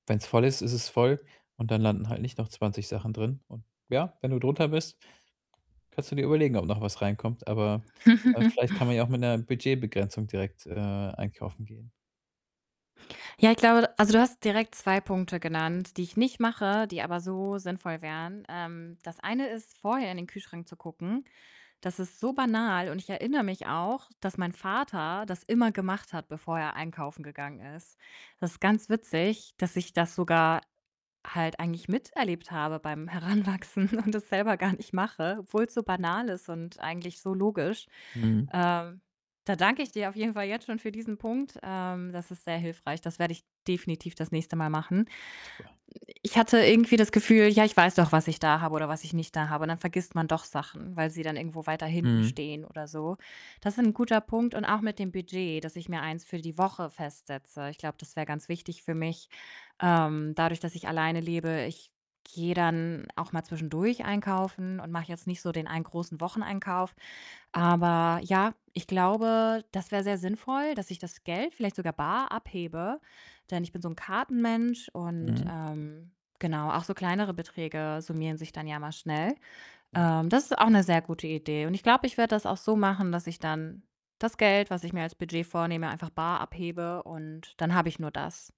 Wenn's voll ist, ist es voll und dann landen halt nicht noch 20 Sachen drin. Und ja, wenn du drunter bist, kannst du dir überlegen, ob noch was reinkommt. Aber, äh, vielleicht kann man ja auch mit 'ner Budgetbegrenzung direkt, äh, einkaufen gehen. Ja, ich glaube also, du hast direkt 2 Punkte genannt, die ich nicht mache, die aber so sinnvoll wären. Ähm, das eine ist, vorher in den Kühlschrank zu gucken. Das ist so banal, und ich erinnere mich auch, dass mein Vater das immer gemacht hat, bevor er einkaufen gegangen ist. Das ist ganz witzig, dass ich das sogar halt eigentlich miterlebt habe beim Heranwachsen und es selber gar nicht mache, obwohl's so banal ist und eigentlich so logisch. Mhm. Äh, da danke ich dir auf jeden Fall jetzt schon für diesen Punkt. Ähm, das ist sehr hilfreich. Das werde ich definitiv das nächste Mal machen. Super. Ich hatte irgendwie das Gefühl: „Ja, ich weiß doch, was ich da habe oder was ich nicht da habe“, und dann vergisst man doch Sachen, weil sie dann irgendwo weiter hinten Mhm. stehen oder so. Das ist 'n guter Punkt und auch mit dem Budget, dass ich mir eins für die Woche festsetze. Ich glaube, das wäre ganz wichtig für mich, ähm, dadurch, dass ich alleine lebe. Ich gehe dann auch mal zwischendurch einkaufen und mache jetzt nicht so den einen großen Wocheneinkauf. Aber ja, ich glaube, das wäre sehr sinnvoll, dass ich das Geld vielleicht sogar bar abhebe, denn ich bin so 'n Kartenmensch, und, Mhm. ähm, genau, auch so kleinere Beträge summieren sich dann ja mal schnell. Ja. Ähm, das ist auch 'ne sehr gute Idee und ich glaube, ich werde das auch so machen, dass ich dann das Geld, was ich mir als Budget vornehme, bar abhebe und dann habe ich nur das.